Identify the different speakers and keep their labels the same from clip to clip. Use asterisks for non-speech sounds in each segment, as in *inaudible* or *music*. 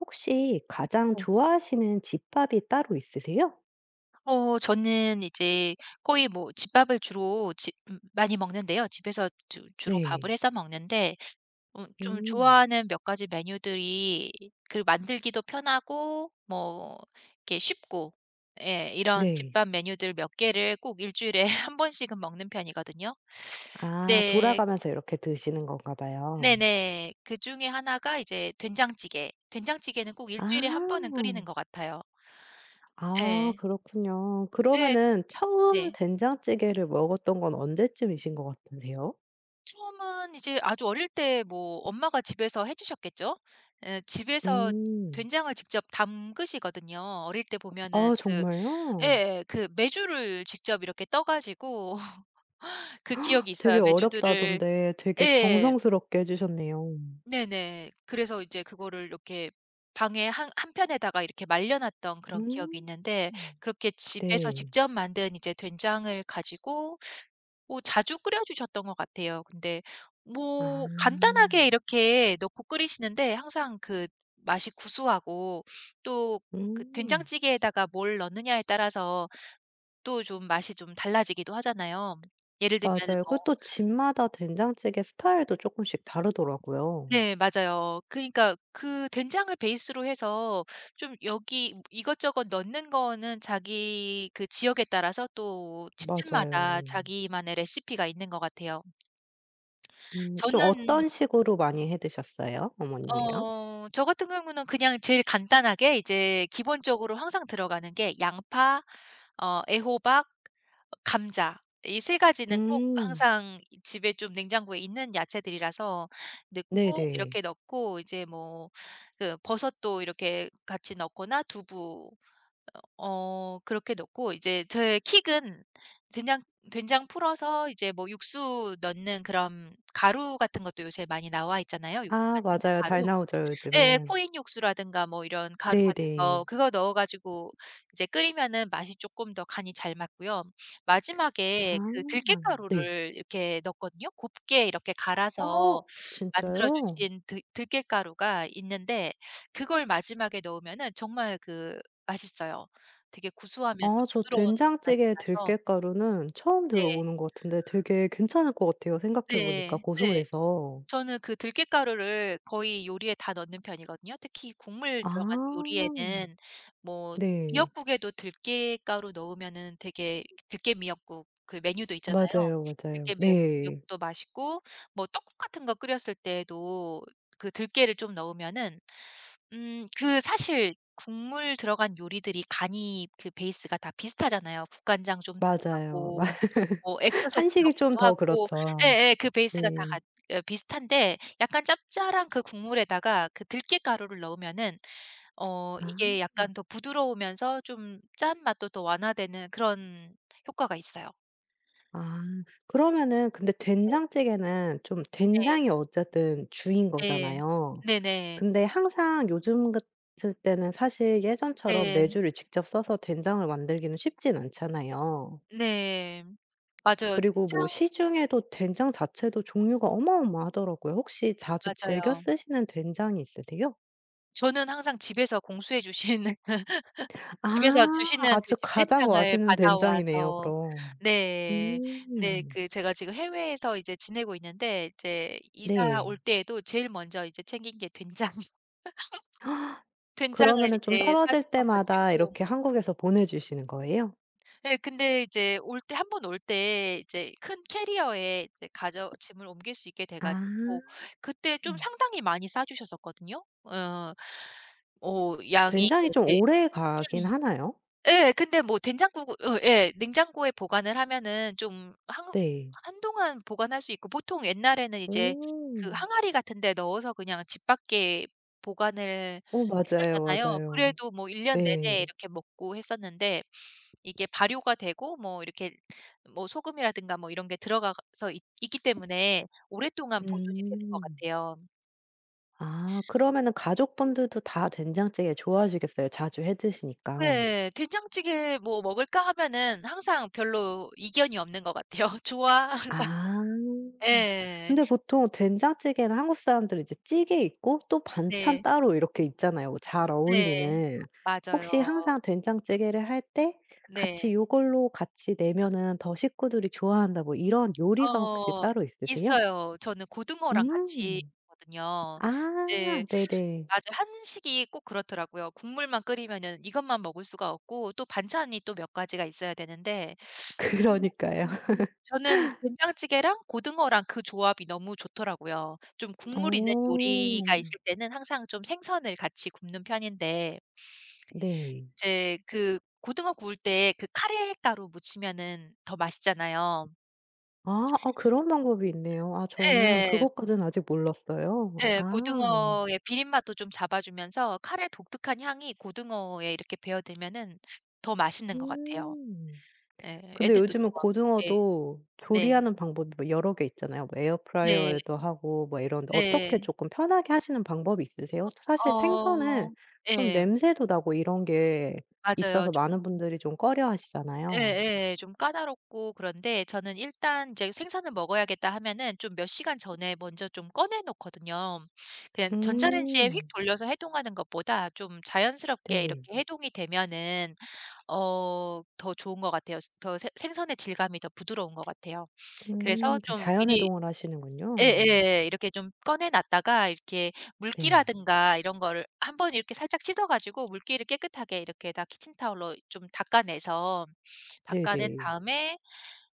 Speaker 1: 혹시 가장
Speaker 2: 어.
Speaker 1: 좋아하시는 집밥이 따로 있으세요?
Speaker 2: 어 저는 이제 거의 뭐 집밥을 주로 지 음. 많이 먹는데요. 집에서 주 주로
Speaker 1: 네.
Speaker 2: 밥을 해서 먹는데 어 좀
Speaker 1: 음.
Speaker 2: 좋아하는 몇 가지 메뉴들이 그 만들기도 편하고 뭐 이렇게 쉽고 예 이런
Speaker 1: 네.
Speaker 2: 집밥 메뉴들 몇 개를 꼭 1 주일에 1 번씩은 먹는 편이거든요.
Speaker 1: 아
Speaker 2: 네.
Speaker 1: 돌아가면서 이렇게 드시는 건가 봐요.
Speaker 2: 네네. 그중에 1 가 이제 된장찌개. 된장찌개는 꼭 1
Speaker 1: 아.
Speaker 2: 주일에 1 번은 끓이는 것 같아요.
Speaker 1: 아
Speaker 2: 예.
Speaker 1: 그렇군요.
Speaker 2: 예
Speaker 1: 그러면은 처음
Speaker 2: 네.
Speaker 1: 된장찌개를 먹었던 건 언제쯤이신 것 같은데요?
Speaker 2: 처음은 이제 아주 어릴 때 뭐 엄마가 집에서 해 주셨겠죠? 예 집에서
Speaker 1: 음.
Speaker 2: 된장을 직접 담그시거든요. 어릴 때 보면은
Speaker 1: 아
Speaker 2: 그
Speaker 1: 정말요?
Speaker 2: 예예. 그 메주를 직접 이렇게 떠 가지고 *laughs* 그 기억이
Speaker 1: *gasps* 되게
Speaker 2: 있어요. 메주들을
Speaker 1: 어렵다던데 되게
Speaker 2: 예.
Speaker 1: 정성스럽게 해 주셨네요.
Speaker 2: 네네. 그래서 이제 그거를 이렇게 방에 한 한편에다가 이렇게 말려 놨던 그런 기억이
Speaker 1: 음
Speaker 2: 있는데 그렇게 집에서
Speaker 1: 네.
Speaker 2: 직접 만든 이제 된장을 가지고 어 자주 끓여 주셨던 것 같아요. 근데
Speaker 1: 아.
Speaker 2: 뭐 간단하게 이렇게 넣고 끓이시는데 항상 그 맛이 구수하고 또 그
Speaker 1: 음.
Speaker 2: 된장찌개에다가 뭘 넣느냐에 따라서 또 좀 맛이 좀 달라지기도 하잖아요. 예를 들면은
Speaker 1: 맞아요. 그리고
Speaker 2: 뭐
Speaker 1: 또 집마다 된장찌개 스타일도 쪼끔씩 다르더라고요.
Speaker 2: 네 맞아요. 그러니까 그 된장을 베이스로 해서 좀 여기 이것저것 넣는 거는 자기 그 지역에 따라서 또 집집마다
Speaker 1: 맞아요.
Speaker 2: 자기만의 레시피가 있는 것 같아요.
Speaker 1: 음 좀
Speaker 2: 저는
Speaker 1: 어떤 식으로 많이 해 드셨어요, 어머님이랑?
Speaker 2: 어 저 같은 경우는 그냥 제일 간단하게 이제 기본적으로 항상 들어가는 게 양파 어 애호박 어 감자 이 3 가지는 꼭
Speaker 1: 음.
Speaker 2: 항상 이 집에 좀 냉장고에 있는 야채들이라서 넣고
Speaker 1: 네네.
Speaker 2: 이렇게 넣고 이제 뭐 그 버섯도 이렇게 같이 넣거나 두부 어 그렇게 넣고 이제 저의 킥은 된장 된장 풀어서 이제 뭐 육수 넣는 그런 가루 같은 것도 요새 많이 나와 있잖아요, 육수
Speaker 1: 아
Speaker 2: 만드는
Speaker 1: 맞아요. 잘
Speaker 2: 가루.
Speaker 1: 나오죠
Speaker 2: 예예
Speaker 1: 요즘은.
Speaker 2: 코인 육수라든가 뭐 이런 가루 같은 거
Speaker 1: 네네.
Speaker 2: 그거 넣어 가지고 이제 끓이면은 맛이 쪼끔 더 간이 잘 맞고요. 마지막에 그
Speaker 1: 아 네.
Speaker 2: 들깨가루를 이렇게 넣거든요. 곱게 이렇게
Speaker 1: 어
Speaker 2: 갈아서 만들어
Speaker 1: 진짜요?
Speaker 2: 주신 들 들깨가루가 있는데 그걸 마지막에 넣으면은 정말 그 맛있어요. 되게 구수하면서
Speaker 1: 아 저
Speaker 2: 부드러운 맛이
Speaker 1: 된장찌개
Speaker 2: 나서
Speaker 1: 들깨가루는 처음 들어
Speaker 2: 네.
Speaker 1: 보는 것 같은데 되게 괜찮을 것 같아요, 생각해 보니까
Speaker 2: 네 네.
Speaker 1: 고소해서.
Speaker 2: 저는 그 들깻가루를 거의 요리에 다 넣는 편이거든요. 특히 국물 들어간
Speaker 1: 아
Speaker 2: 요리에는 뭐
Speaker 1: 네.
Speaker 2: 미역국에도 들깻가루 넣으면은 되게 들깨 미역국 그 메뉴도 있잖아요.
Speaker 1: 맞아요, 맞아요.
Speaker 2: 들깨
Speaker 1: 네.
Speaker 2: 미역국도 맛있고 뭐 떡국 같은 거 끓였을 때에도 그 들깨를 좀 넣으면은 음 그 사실 국물 들어간 요리들이 간이 그 베이스가 다 비슷하잖아요. 국간장 좀
Speaker 1: 맞아요. 맞
Speaker 2: 들어가고 뭐 액젓을 좀
Speaker 1: 한식이 좀
Speaker 2: 넣기도
Speaker 1: 더
Speaker 2: 하고
Speaker 1: 그렇죠.
Speaker 2: 예예. 그 베이스가 다
Speaker 1: 네.
Speaker 2: 같 어 비슷한데 약간 짭짤한 그 국물에다가 그 들깻가루를 넣으면은 어
Speaker 1: 아.
Speaker 2: 이게 약간 더 부드러우면서 좀 짠맛도 또 완화되는 그런 효과가 있어요.
Speaker 1: 아 그러면은 근데
Speaker 2: 네.
Speaker 1: 된장찌개는 좀
Speaker 2: 네.
Speaker 1: 된장이 어쨌든 주인
Speaker 2: 네.
Speaker 1: 거잖아요.
Speaker 2: 네네.
Speaker 1: 근데 항상 요즘 같을 때는 사실 예전처럼
Speaker 2: 네.
Speaker 1: 메주를 직접 쒀서 된장을 만들기는 쉽진 않잖아요.
Speaker 2: 네. 맞아요.
Speaker 1: 그리고 뭐
Speaker 2: 된장
Speaker 1: 시중에도 된장 자체도 종류가 어마어마하더라고요. 혹시 자주 즐겨
Speaker 2: 맞아요.
Speaker 1: 쓰시는 된장이 있으세요?
Speaker 2: 저는 항상 집에서 공수해 주시는 *laughs*
Speaker 1: 아.
Speaker 2: 집에서 주시는 그
Speaker 1: 아주
Speaker 2: 집
Speaker 1: 가장
Speaker 2: 된장을
Speaker 1: 맛있는 된장이네요
Speaker 2: 받아와서
Speaker 1: 그럼.
Speaker 2: 네 네.
Speaker 1: 음
Speaker 2: 그 제가 지금 해외에서 이제 지내고 있는데 이제 이사 올
Speaker 1: 네.
Speaker 2: 때에도 제일 먼저 이제 챙긴 게 된장. *laughs*
Speaker 1: *gasps*
Speaker 2: 된장을
Speaker 1: 그러면은 좀
Speaker 2: 이제 싸
Speaker 1: 떨어질
Speaker 2: 주셔
Speaker 1: 때마다
Speaker 2: 가지고
Speaker 1: 이렇게 한국에서 보내 주시는 거예요?
Speaker 2: 예. 근데 이제 올 때 1 번 올 때 이제 큰 캐리어에 이제 가져 짐을 옮길 수 있게 돼
Speaker 1: 아
Speaker 2: 가지고 그때 좀
Speaker 1: 음.
Speaker 2: 상당히 많이 싸 주셨었거든요. 어어 뭐 양이
Speaker 1: 된장이 좀
Speaker 2: 이렇게
Speaker 1: 오래가긴
Speaker 2: 큰
Speaker 1: 하나요?
Speaker 2: 예 근데 뭐 된장국을 어 예 냉장고에 보관을 하면은 좀 한
Speaker 1: 네.
Speaker 2: 한동안 보관할 수 있고 보통 옛날에는 이제 그
Speaker 1: 어.
Speaker 2: 항아리 같은 데 넣어서 그냥 집 밖에 보관을
Speaker 1: 어 맞아요,
Speaker 2: 했었잖아요.
Speaker 1: 맞아요.
Speaker 2: 그래도 뭐 1 년
Speaker 1: 네.
Speaker 2: 내내 이렇게 먹고 했었는데 이게 발효가 되고 뭐 이렇게 뭐 소금이라든가 뭐 이런 게 들어가서 있 있기 때문에 오랫동안 보존이 되는 것
Speaker 1: 음.
Speaker 2: 같아요.
Speaker 1: 아 그러면은 가족분들도 다 된장찌개 좋아하시겠어요? 자주 해 드시니까.
Speaker 2: 예. 된장찌개 "뭐 먹을까?" 하면은 항상 별로 이견이 없는 것 같아요. "좋아." 항상.
Speaker 1: 아.
Speaker 2: 예.
Speaker 1: 근데 보통 된장찌개는 한국 사람들은 이제 찌개 있고 또 반찬
Speaker 2: 네.
Speaker 1: 따로 이렇게 있잖아요, 잘
Speaker 2: 네.
Speaker 1: 어울리는. 혹시
Speaker 2: 맞아요.
Speaker 1: 항상 된장찌개를 할 때 같이
Speaker 2: 네.
Speaker 1: '이걸로 같이 내면은 더 식구들이 좋아한다.' 뭐 이런 요리가 혹시
Speaker 2: 어
Speaker 1: 따로 있으세요?
Speaker 2: 있어요. 저는 고등어랑 같이
Speaker 1: 음.
Speaker 2: 하거든요.
Speaker 1: 아
Speaker 2: 이제
Speaker 1: 네네.
Speaker 2: 아주 한식이 꼭 그렇더라고요. 국물만 끓이면은 이것만 먹을 수가 없고 또 반찬이 또 몇 가지가 있어야 되는데 음
Speaker 1: 그러니까요.
Speaker 2: 음 음.
Speaker 1: *laughs*
Speaker 2: 저는 된장찌개랑 고등어랑 그 조합이 너무 좋더라고요. 좀
Speaker 1: 어.
Speaker 2: 국물이 있는 요리가 있을 때는 항상 좀 생선을 같이 굽는 편인데
Speaker 1: 네.
Speaker 2: 이제 그 고등어 구울 때 그 카레 가루 묻히면은 더 맛있잖아요.
Speaker 1: 아 어
Speaker 2: *smacks lips*
Speaker 1: 그런 방법이 있네요. 아 저는
Speaker 2: 예예.
Speaker 1: 그것까진 아직 몰랐어요.
Speaker 2: 예.
Speaker 1: 아.
Speaker 2: 고등어의 비린맛도 좀 잡아 주면서 카레 독특한 향이 고등어에 이렇게 배어 들면은 더 맛있는 것 같아요.
Speaker 1: 음.
Speaker 2: 예.
Speaker 1: 근데
Speaker 2: 애들도
Speaker 1: 요즘은
Speaker 2: 좋아하고. 예.
Speaker 1: 고등어도
Speaker 2: 네.
Speaker 1: 조리하는 방법이 뭐 여러 개 있잖아요. 뭐
Speaker 2: 네.
Speaker 1: 에어프라이어에도 하고 뭐 이런데 어떻게
Speaker 2: 네.
Speaker 1: 쪼끔 편하게 하시는 방법이 있으세요?
Speaker 2: 어
Speaker 1: 사실 생선은
Speaker 2: 어
Speaker 1: 좀
Speaker 2: 예.
Speaker 1: 냄새도 나고 이런 게
Speaker 2: 맞아요.
Speaker 1: 있어서
Speaker 2: 좋은
Speaker 1: 많은
Speaker 2: 음
Speaker 1: 분들이 좀 꺼려하시잖아요.
Speaker 2: 예예. 좀 까다롭고 그런데 저는 일단 이제 '생선을 먹어야겠다.' 하면은 좀 몇 시간 전에 먼저 좀 꺼내 놓거든요. 그냥 전자레인지에 휙
Speaker 1: 음.
Speaker 2: 돌려서 해동하는 것보다 좀 자연스럽게
Speaker 1: 네.
Speaker 2: 이렇게 해동이 되면은 어 더 좋은 것 같아요. 스 더 생 생선의 질감이 더 부드러운 것 같아요.
Speaker 1: 음
Speaker 2: 그래서
Speaker 1: 그
Speaker 2: 좀 미리
Speaker 1: 자연해동을 하시는군요.
Speaker 2: 예예 이렇게 좀 꺼내 놨다가 이렇게
Speaker 1: 네.
Speaker 2: 물기라든가 이런 거를 한번 이렇게 살짝 씻어가지고 물기를 깨끗하게 이렇게 다 키친타월로 좀 닦아내서 닦아낸
Speaker 1: 네네.
Speaker 2: 다음에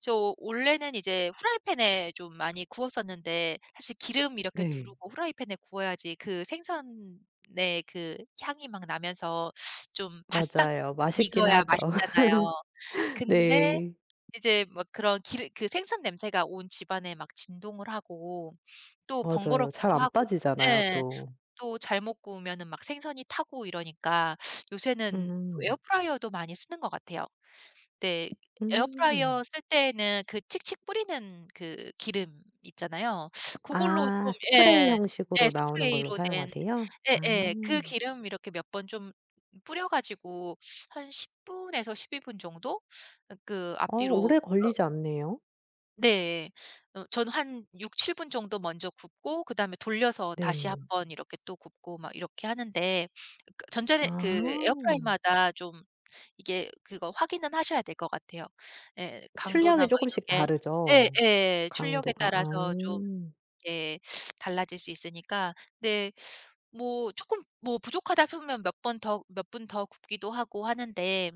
Speaker 2: 저 원래는 이제 후라이팬에 좀 많이 구웠었는데 사실 기름 이렇게
Speaker 1: 네.
Speaker 2: 두르고 후라이팬에 구워야지 그 생선의 그 향이 막 나면서 좀 바싹
Speaker 1: 맞아요. 맛있긴
Speaker 2: 익어야
Speaker 1: 하죠.
Speaker 2: 맛있잖아요.
Speaker 1: *laughs*
Speaker 2: 근데
Speaker 1: 네.
Speaker 2: 이제 막 그런 기름 그 생선 냄새가 온 집안에 막 진동을 하고 또
Speaker 1: 맞아요. 잘
Speaker 2: 번거롭기도
Speaker 1: 안
Speaker 2: 하고
Speaker 1: 빠지잖아요
Speaker 2: 예
Speaker 1: 또.
Speaker 2: 또 잘못 구우면은 막 생선이 타고 이러니까 요새는
Speaker 1: 음.
Speaker 2: 에어프라이어도 많이 쓰는 것 같아요. 네.
Speaker 1: 음.
Speaker 2: 에어프라이어 쓸 때에는 그 칙칙 뿌리는 그 기름 있잖아요. 그걸로 좀
Speaker 1: 아 스프레이
Speaker 2: 예 예
Speaker 1: 형식으로 나오는 걸로
Speaker 2: 스프레이로 된
Speaker 1: 사용하세요? 아.
Speaker 2: 예예. 그 기름 이렇게 몇 번 좀 뿌려가지고 한 10 분에서 12 분 정도 그
Speaker 1: 어
Speaker 2: 앞뒤로
Speaker 1: 오래
Speaker 2: 어
Speaker 1: 걸리지 않네요.
Speaker 2: 네. 어 저는 한 6-7 분 정도 먼저 굽고 그다음에 돌려서 다시 1
Speaker 1: 네.
Speaker 2: 번 이렇게 또 굽고 막 이렇게 하는데 그
Speaker 1: 아.
Speaker 2: 전자렌 그 에어프라이어마다 좀 이게 그거 확인은 하셔야 될 것 같아요. 예 강도나
Speaker 1: 출력이
Speaker 2: 막
Speaker 1: 쪼끔씩
Speaker 2: 이렇게
Speaker 1: 다르죠
Speaker 2: 예예. 출력에
Speaker 1: 강도가.
Speaker 2: 따라서 좀
Speaker 1: 아.
Speaker 2: 예 달라질 수 있으니까. 네 뭐 쪼끔 뭐 부족하다 하면 몇 번 더 몇 분 더 굽기도 하고 하는데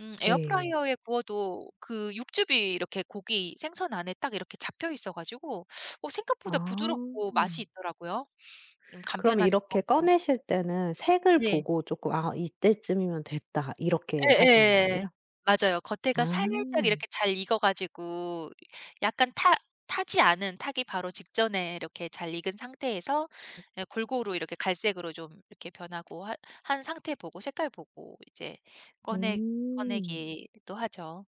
Speaker 2: 음
Speaker 1: 네.
Speaker 2: 에어프라이어에 구워도 그 육즙이 이렇게 고기, 생선 안에 딱 이렇게 잡혀 있어 가지고 어
Speaker 1: 아.
Speaker 2: 생각보다 부드럽고 맛이 있더라고요 좀
Speaker 1: 그럼
Speaker 2: 간편하기도
Speaker 1: 이렇게
Speaker 2: 하고.
Speaker 1: 꺼내실 때는 색을
Speaker 2: 네.
Speaker 1: 보고 쪼끔 "아 이때쯤이면 됐다." 이렇게 하시는
Speaker 2: 예예.
Speaker 1: 거예요?
Speaker 2: 맞아요. 겉에가 살짝
Speaker 1: 아.
Speaker 2: 이렇게 잘 익어 가지고 약간 타 타지 않은, 타기 바로 직전에 이렇게 잘 익은 상태에서 예 골고루 이렇게 갈색으로 좀 이렇게 변하고 하 한 상태 보고 색깔 보고 이제 꺼내
Speaker 1: 음.
Speaker 2: 꺼내기도 하죠.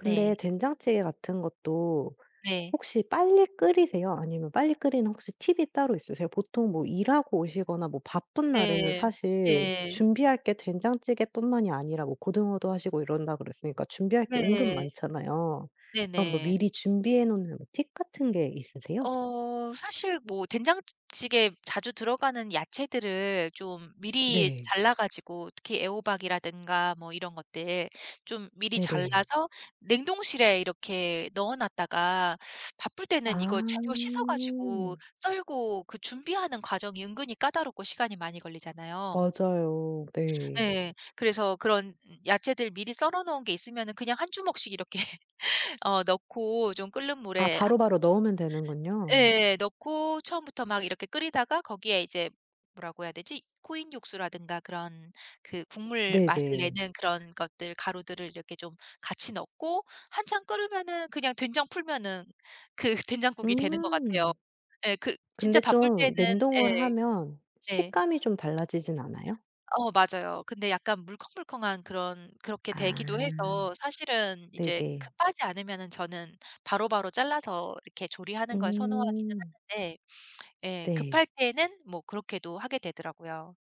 Speaker 2: 네.
Speaker 1: 된장찌개 같은 것도
Speaker 2: 네.
Speaker 1: 혹시 빨리 끓이세요? 아니면 빨리 끓이는 혹시 팁이 따로 있으세요? 보통 뭐 일하고 오시거나 뭐 바쁜 날에는
Speaker 2: 네.
Speaker 1: 사실
Speaker 2: 네.
Speaker 1: 준비할 게 된장찌개뿐만이 아니라 뭐 고등어도 하시고 이런다 그랬으니까 준비할 게 은근
Speaker 2: 네.
Speaker 1: 많잖아요. 그럼 뭐
Speaker 2: 네네.
Speaker 1: 미리 준비해 놓는 뭐 팁 같은 게 있으세요?
Speaker 2: 어 사실 뭐 된장찌 찌개 자주 들어가는 야채들을 좀 미리
Speaker 1: 네.
Speaker 2: 잘라 가지고 특히 애호박이라든가 뭐 이런 것들 좀 미리
Speaker 1: 네네.
Speaker 2: 잘라서 냉동실에 이렇게 넣어 놨다가 바쁠
Speaker 1: 아.
Speaker 2: 때는 이거 재료 씻어 가지고 썰고 그 준비하는 과정이 은근히 까다롭고 시간이 많이 걸리잖아요.
Speaker 1: 맞아요. 네.
Speaker 2: 예. 그래서 그런 야채들 미리 썰어 놓은 게 있으면은 그냥 1 주먹씩 이렇게 어 넣고 좀 끓는
Speaker 1: 아
Speaker 2: 물에 하
Speaker 1: 바로바로 넣으면 되는군요.
Speaker 2: 예예. 넣고 처음부터 막 이렇게 끓이다가 거기에 이제 뭐라고 해야 되지? 코인 육수라든가 그런 그 국물 맛을
Speaker 1: 네네.
Speaker 2: 내는 그런 것들, 가루들을 이렇게 좀 같이 넣고 한참 끓으면은 그냥 된장 풀면은 그 된장국이 되는 것 같아요
Speaker 1: 음.근데
Speaker 2: 예 글 진짜 바쁠 때는
Speaker 1: 좀 냉동을
Speaker 2: 예.
Speaker 1: 하면
Speaker 2: 네.
Speaker 1: 식감이 좀 달라지진 않아요?
Speaker 2: 어 맞아요. 근데 약간 물컹물컹한 그런 그렇게
Speaker 1: 아.
Speaker 2: 되기도 해서 사실은 이제
Speaker 1: 네네.
Speaker 2: 급하지 않으면은 저는 바로바로 잘라서 이렇게 조리하는 걸 선호하기는
Speaker 1: 음.
Speaker 2: 하는데 예.
Speaker 1: 네.
Speaker 2: 급할 때는 뭐 그렇게도 하게 되더라고요.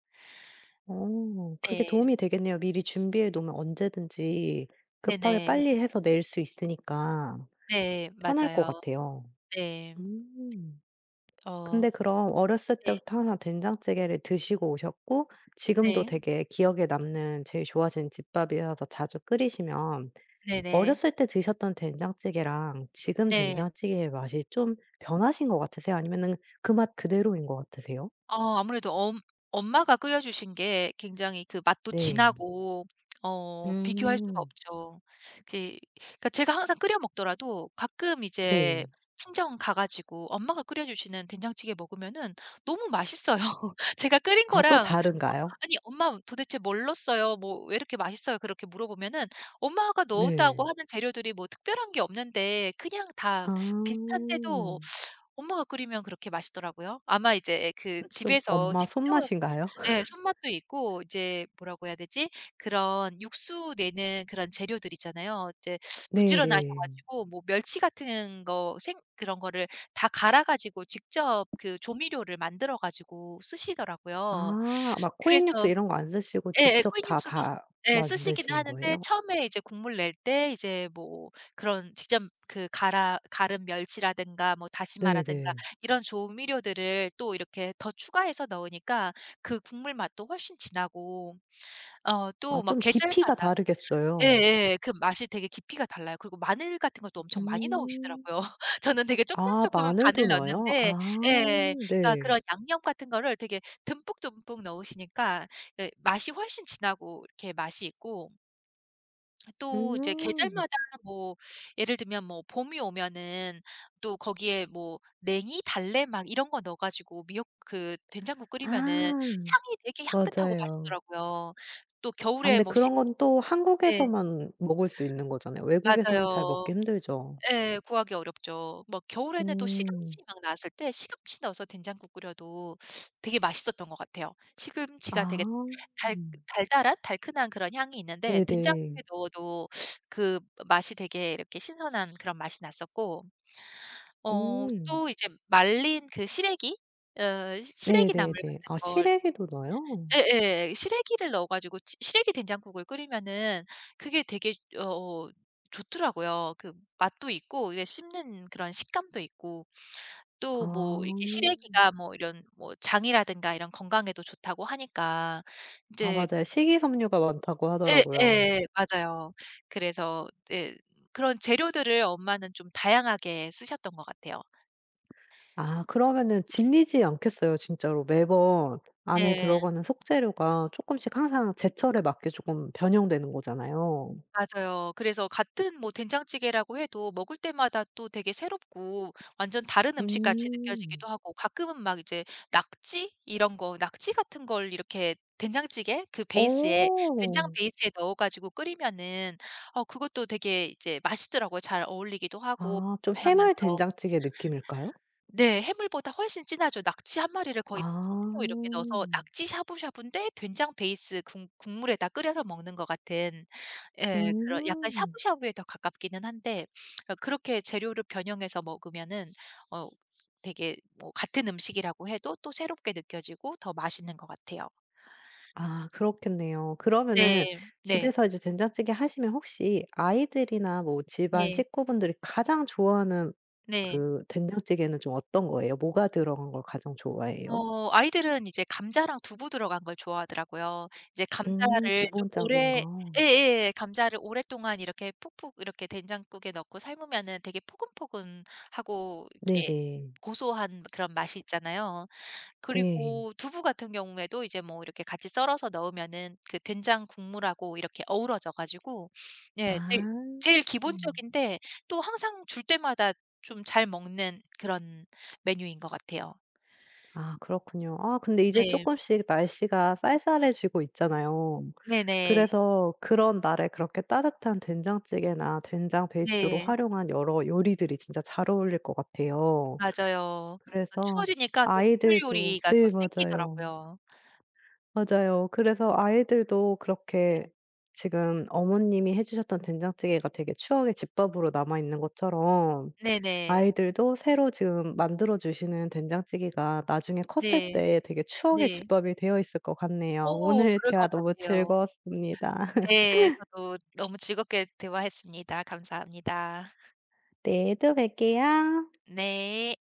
Speaker 1: 어 그게
Speaker 2: 예.
Speaker 1: 도움이 되겠네요. 미리 준비해 놓으면 언제든지 급하게
Speaker 2: 네네.
Speaker 1: 빨리 해서 낼 수 있으니까
Speaker 2: 네
Speaker 1: 편할 것
Speaker 2: 맞아요.
Speaker 1: 같아요.
Speaker 2: 네.
Speaker 1: 음.
Speaker 2: 어
Speaker 1: 근데 그럼 어렸을
Speaker 2: 네.
Speaker 1: 때부터 항상 된장찌개를 드시고 오셨고 지금도
Speaker 2: 네.
Speaker 1: 되게 기억에 남는 제일 좋아하시는 집밥이어서 자주 끓이시면,
Speaker 2: 네네.
Speaker 1: 어렸을 때 드셨던 된장찌개랑 지금
Speaker 2: 네.
Speaker 1: 된장찌개의 맛이 좀 변하신 것 같으세요? 아니면은 그 맛 그대로인 것 같으세요?
Speaker 2: 어 아무래도 엄 엄마가 끓여주신 게 굉장히 그 맛도
Speaker 1: 네.
Speaker 2: 진하고 어 비교할 수가
Speaker 1: 음.
Speaker 2: 없죠. 그 그러니까 제가 항상 끓여 먹더라도 가끔 이제
Speaker 1: 네.
Speaker 2: 친정 가 가지고 엄마가 끓여 주시는 된장찌개 먹으면은 너무 맛있어요. 제가 끓인
Speaker 1: 아 또
Speaker 2: 거랑 어
Speaker 1: 다른가요?
Speaker 2: "아니 엄마 도대체 뭘 넣었어요? 뭐 왜 이렇게 맛있어요?" 그렇게 물어보면은 엄마가 넣었다고
Speaker 1: 네.
Speaker 2: 하는 재료들이 뭐 특별한 게 없는데 그냥 다
Speaker 1: 아.
Speaker 2: 비슷한데도 엄마가 끓이면 그렇게 맛있더라고요. 아마 이제 그
Speaker 1: 음 좀
Speaker 2: 집에서
Speaker 1: 엄마
Speaker 2: 직접
Speaker 1: 손맛인가요?
Speaker 2: 예.
Speaker 1: *laughs*
Speaker 2: 손맛도 있고 이제 뭐라고 해야 되지 그런 육수 내는 그런 재료들 있잖아요. 이제 부지런하셔
Speaker 1: 네네.
Speaker 2: 가지고 뭐 멸치 같은 거 생 그런 거를 다 갈아 가지고 직접 그 조미료를 만들어 가지고 쓰시더라고요.
Speaker 1: 아 막 코인 육수
Speaker 2: 그래서
Speaker 1: 이런 거 안 쓰시고
Speaker 2: 예예
Speaker 1: 직접
Speaker 2: 코인
Speaker 1: 다,
Speaker 2: 육수도
Speaker 1: 다
Speaker 2: 예. 쓰시기는
Speaker 1: 만드시는
Speaker 2: 하는데
Speaker 1: 거예요?
Speaker 2: 처음에 이제 국물 낼 때 이제 뭐 그런 직접 그 갈아 갈은 멸치라든가 뭐 다시마라든가
Speaker 1: 네네.
Speaker 2: 이런 조미료들을 또 이렇게 더 추가해서 넣으니까 그 국물 맛도 훨씬 진하고 어
Speaker 1: 아
Speaker 2: 또 막
Speaker 1: 좀 깊이가
Speaker 2: 계절마다
Speaker 1: 다르겠어요.
Speaker 2: 예예 그 맛이 되게 깊이가 달라요. 그리고 마늘 같은 것도 엄청 많이
Speaker 1: 음.
Speaker 2: 넣으시더라고요. *laughs* 저는 되게 쪼끔,
Speaker 1: 아
Speaker 2: 쪼끔
Speaker 1: 마늘도
Speaker 2: 간을
Speaker 1: 넣어요?
Speaker 2: 넣는데
Speaker 1: 아
Speaker 2: 예. 그러니까
Speaker 1: 네.
Speaker 2: 그런 양념 같은 거를 되게 듬뿍듬뿍 넣으시니까 예 맛이 훨씬 진하고 이렇게 맛이 있고 또 이제
Speaker 1: 음.
Speaker 2: 계절마다 뭐 예를 들면 뭐 봄이 오면은 또 거기에 뭐 냉이, 달래 막 이런 거 넣어 가지고 미역 그 된장국 끓이면은
Speaker 1: 아.
Speaker 2: 향이 되게 향긋하고
Speaker 1: 맞아요.
Speaker 2: 맛있더라고요. 또
Speaker 1: 아
Speaker 2: 겨울에
Speaker 1: 근데
Speaker 2: 뭐
Speaker 1: 그런
Speaker 2: 시금
Speaker 1: 건 또
Speaker 2: 예.
Speaker 1: 한국에서만 먹을 수 있는 거잖아요. 외국에서는 잘
Speaker 2: 맞아요.
Speaker 1: 먹기 힘들죠?
Speaker 2: 예. 구하기 어렵죠. 뭐 겨울에는 또
Speaker 1: 음.
Speaker 2: 시금치 막 나왔을 때 시금치 넣어서 된장국 끓여도 되게 맛있었던 것 같아요.
Speaker 1: 아.
Speaker 2: 시금치가 되게 달 달달한, 달큰한 그런 향이 있는데
Speaker 1: 네네.
Speaker 2: 된장국에 넣어도 그 맛이 되게 이렇게 신선한 그런 맛이 났었고 어
Speaker 1: 음.
Speaker 2: 또 이제 말린 그 시래기 어 시래기 나물
Speaker 1: 네네네.
Speaker 2: 같은
Speaker 1: 아
Speaker 2: 걸
Speaker 1: 시래기도 넣어요?
Speaker 2: 예예. 시래기를 넣어 가지고 시 시래기 된장국을 끓이면은 그게 되게 여 어 좋더라고요. 그 맛도 있고 이래 씹는 이제 그런 식감도 있고 또
Speaker 1: 아.
Speaker 2: 뭐 이게 시래기가 뭐 이런 뭐 장이라든가 이런 건강에도 좋다고 하니까
Speaker 1: 아
Speaker 2: 인제
Speaker 1: 맞아요. 식이섬유가 많다고 하더라고요.
Speaker 2: 예예 맞아요. 그래서 이제 그런 재료들을 엄마는 좀 다양하게 쓰셨던 것 같아요.
Speaker 1: 아 그러면은 질리지 않겠어요 진짜로. 매번 안에
Speaker 2: 네.
Speaker 1: 들어가는 속재료가 쪼끔씩 항상 제철에 맞게 조금 변형되는 거잖아요.
Speaker 2: 맞아요. 그래서 같은 뭐 된장찌개라고 해도 먹을 때마다 또 되게 새롭고 완전 다른 음식같이
Speaker 1: 음.
Speaker 2: 느껴지기도 하고 가끔은 막 이제 낙지 이런 거, 낙지 같은 걸 이렇게 된장찌개 그 베이스에, 된장
Speaker 1: 어.
Speaker 2: 베이스에 넣어 가지고 끓이면은 어 그것도 되게 이제 맛있더라고요 잘 어울리기도 하고
Speaker 1: 아 좀 해물
Speaker 2: 하면서.
Speaker 1: 된장찌개 느낌일까요?
Speaker 2: 네. 해물보다 훨씬 진하죠. 낙지 1 마리를 거의 뭐 통째로 이렇게 넣어서
Speaker 1: 아.
Speaker 2: 낙지 샤브샤브인데 된장 베이스 국 국물에다 끓여서 먹는 것 같은 예. 그런 약간
Speaker 1: 음.
Speaker 2: 샤브샤브에 더 가깝기는 한데 어 그렇게 재료를 변형해서 먹으면은 어 되게 뭐 같은 음식이라고 해도 또 새롭게 느껴지고 더 맛있는 것 같아요.
Speaker 1: 아 그렇겠네요. 그러면은
Speaker 2: 네 네.
Speaker 1: 집에서 이제 된장찌개 하시면 혹시 아이들이나 뭐 집안
Speaker 2: 예.
Speaker 1: 식구분들이 가장 좋아하는
Speaker 2: 네.
Speaker 1: 그 된장찌개는 좀 어떤 거예요? 뭐가 들어간 걸 가장 좋아해요?
Speaker 2: 어 아이들은 이제 감자랑 두부 들어간 걸 좋아하더라고요. 이제
Speaker 1: 음
Speaker 2: 감자를 좀
Speaker 1: 기본적인
Speaker 2: 오래
Speaker 1: 거.
Speaker 2: 예예 감자를 오랫동안 이렇게 푹푹 이렇게 된장국에 넣고 삶으면은 되게 포근포근하고 이렇게
Speaker 1: 네네.
Speaker 2: 고소한 그런 맛이 있잖아요.
Speaker 1: 네.
Speaker 2: 그리고 두부 같은 경우에도 이제 뭐 이렇게 같이 썰어서 넣으면은 그 된장 국물하고 이렇게 어우러져 가지고
Speaker 1: 아.
Speaker 2: 예. 제일 제일 기본적인데 또 항상 줄 때마다 좀 잘 먹는 그런 메뉴인 것 같아요.
Speaker 1: 아 그렇군요. 아 근데 이제
Speaker 2: 네.
Speaker 1: 쪼끔씩 날씨가 쌀쌀해지고 있잖아요.
Speaker 2: 네네.
Speaker 1: 그래서 그런 날에 그렇게 따뜻한 된장찌개나 된장 베이스로
Speaker 2: 네.
Speaker 1: 활용한 여러 요리들이 진짜 잘 어울릴 것 같아요.
Speaker 2: 맞아요. 그
Speaker 1: 그래서
Speaker 2: 추워지니까 또 국물
Speaker 1: 아이들도
Speaker 2: 요리가 더
Speaker 1: 네 맞아요.
Speaker 2: 당기더라고요.
Speaker 1: 맞아요. 그래서 아이들도
Speaker 2: 네.
Speaker 1: 그렇게 지금 어머님이 해 주셨던 된장찌개가 되게 추억의 집밥으로 남아있는 것처럼
Speaker 2: 네네.
Speaker 1: 아이들도 새로 지금 만들어 주시는 된장찌개가 나중에 컸을
Speaker 2: 네.
Speaker 1: 때 되게 추억의
Speaker 2: 네.
Speaker 1: 집밥이 되어 있을 것 같네요.
Speaker 2: 어
Speaker 1: 오늘
Speaker 2: 그럴
Speaker 1: 대화
Speaker 2: 것
Speaker 1: 너무
Speaker 2: 같아요.
Speaker 1: 즐거웠습니다.
Speaker 2: 네.
Speaker 1: *laughs*
Speaker 2: 저도 너무 즐겁게 대화했습니다. 감사합니다.
Speaker 1: 네. 또 뵐게요.
Speaker 2: 네.